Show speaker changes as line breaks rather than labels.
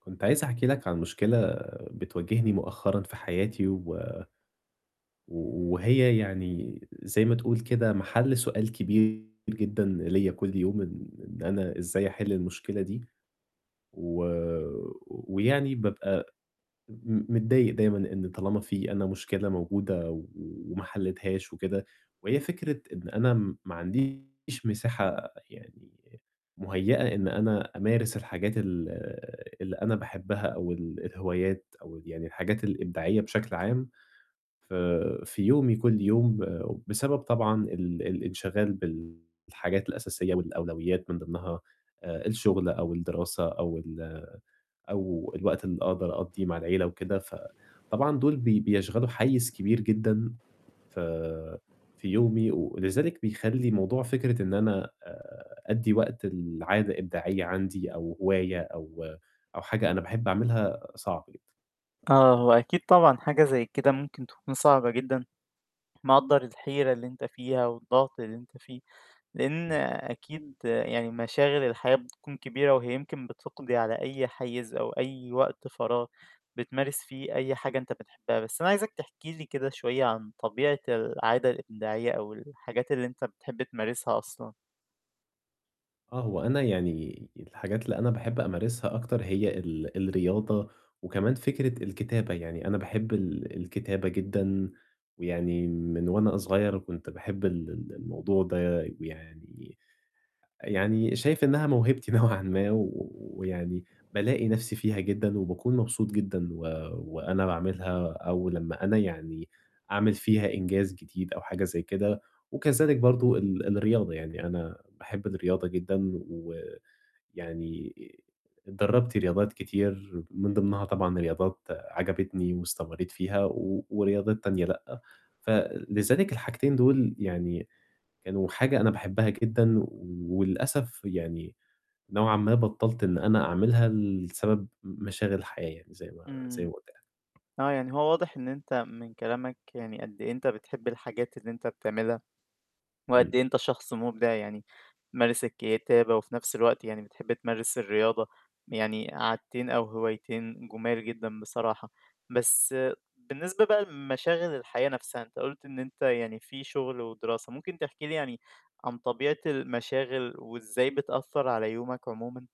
كنت عايز أحكي لك عن مشكلة بتواجهني مؤخرًا في حياتي و و وهي يعني زي ما تقول كده مَحَل سؤال كبير جدًا ليّا كل يوم إن إن أنا إزاي أحِل المشكلة دي. و ويعني بابقى م متضايق دايمًا إن طالما في أنا مشكلة موجودة و وما حليتهاش وكده وهي فكرة إن أنا ما عنديش مساحة يعني مهيّأة إن أنا أمارس الحاجات ال اللي أنا باحبها أو ال الهوايات أو يعني الحاجات الإبداعية بشكل عام ف في يومي كل يوم بسبب طبعًا ال الانشغال بالحاجات الأساسية والأولويّات من ضِمنها آآ الشُغل أو الدراسة أو ال أو الوقت اللي أقدر أقضّيه مع العِيلة وكده، فطبعًا دُول بي بيشغلوا حيّز كبير جدًا ف في يومي ولذلك بيخلّي موضوع فكرة إن أنا آآ أدّي وقت العادة إبداعية عندي أو هواية أو أو حاجة أنا باحب أعملها صعب جدًا.
آه، هو أكيد طبعًا حاجة زي كده ممكن تكون صعبة جدًا، مقدّر الحيرة اللي أنت فيها والضغط اللي أنت فيه، لإن
إمم.
أكيد يعني مشاغل الحياة بتكون كبيرة، وهي يمكن بتقضي على أي حيّز أو أي وقت فراغ بتمارس فيه أي حاجة أنت بتحبّها. بس أنا عايزك تحكي لي كده شوية عن طبيعة العادة الإبداعية أو الحاجات اللي أنت بتحب تمارسها أصلًا.
آه، هو أنا يعني الحاجات اللي أنا باحب أمارسها أكتر هي ال الرياضة وكمان فكرة الكتابة، يعني أنا باحب ال الكتابة جدًا ويعني من وأنا صغير كنت باحب ال ال الموضوع ده ويعني يعني شايف إنّها موهبتي نوعًا ما و ويعني بالاقي نَفْسي فيها جدًا وباكون مبسوط جدًا و وأنا باعملها أو لمّا أنا يعني أعمل فيها إنجاز جديد أو حاجة زي كده وكذلك برضه ال الرياضة، يعني أنا باحب الرياضة جدًا و ويعني آآ اتدرّبت رياضات كتير من ضِمنها طبعًا رياضات عجبتني واستمرّيت فيها و ورياضات تانية لأ. فلذلك الحاجتين دُول يعني كانوا حاجة أنا باحبّها جدًا، وللأسف يعني نوعًا ما بطّلت إن أنا أعملها لسبب م مشاغل الحياة يعني زي ما زي ما
إمم.
قُلت لك.
آه، يعني هو واضح إن أنت من كلامك يعني قد إيه أنت بتحب الحاجات اللي أنت بتعملها وقد
إمم.
إيه أنت شخص مُبدع يعني تمارس الكتابة وفي نَفْس الوقت يعني بتحب تمارس الرياضة يعني عادتين أو هوايتين جُمال جدًا بصراحة. بس بالنسبة بقى لمشاغل الحياة نفْسها، أنت قُلت إن أنت يعني في شُغل ودراسة، ممكن تحكي لي يعني عن طبيعة المشاغل وإزاي بتأثّر على يومك عمومًا؟